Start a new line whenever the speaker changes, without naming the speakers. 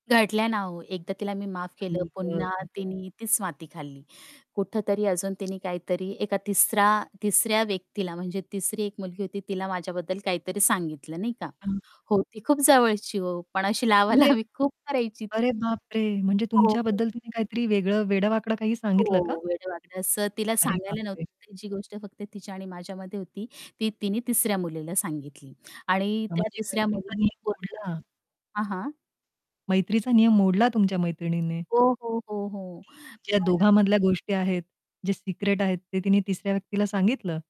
घडल्या ना हो. एकदा तिला मी माफ केलं,
आई
पुन्हा
गं!
तिनी तीच माती खाल्ली. कुठेतरी अजून तिने काहीतरी एका तिसरा तिसऱ्या व्यक्तीला म्हणजे तिसरी एक मुलगी होती तिला माझ्याबद्दल काहीतरी सांगितलं नाही का?
हं.
हो, ती खूप जवळची हो. पण अशी
म्हणजे
लावालावी खूप करायची
अरे,
ती.
बापरे! म्हणजे
हो, हो.
तुमच्याबद्दल तिने काहीतरी वेगळं वेडं-वाकडं काही सांगितलं का?
हो, वेडं-वाकडं असं तिला
अरे,
सांगायला नव्हतं
बापरे!
पाहिजे, जी गोष्ट फक्त तिच्या आणि माझ्यामध्ये होती. ती तिने तिसऱ्या मुलीला सांगितली. आणि त्या
म्हणजे
तिसऱ्या
मैत्रीचा
मुलीने
नियम
पूर्ण
मोडला.
हां, हां.
मैत्रीचा नियम मोडला तुमच्या मैत्रिणीने.
ओ, हो, हो, हो.
ज्या
[unintelligible]
दोघांमधल्या गोष्टी आहेत, जे सिक्रेट आहेत, ते तिने तिसऱ्या व्यक्तीला सांगितलं.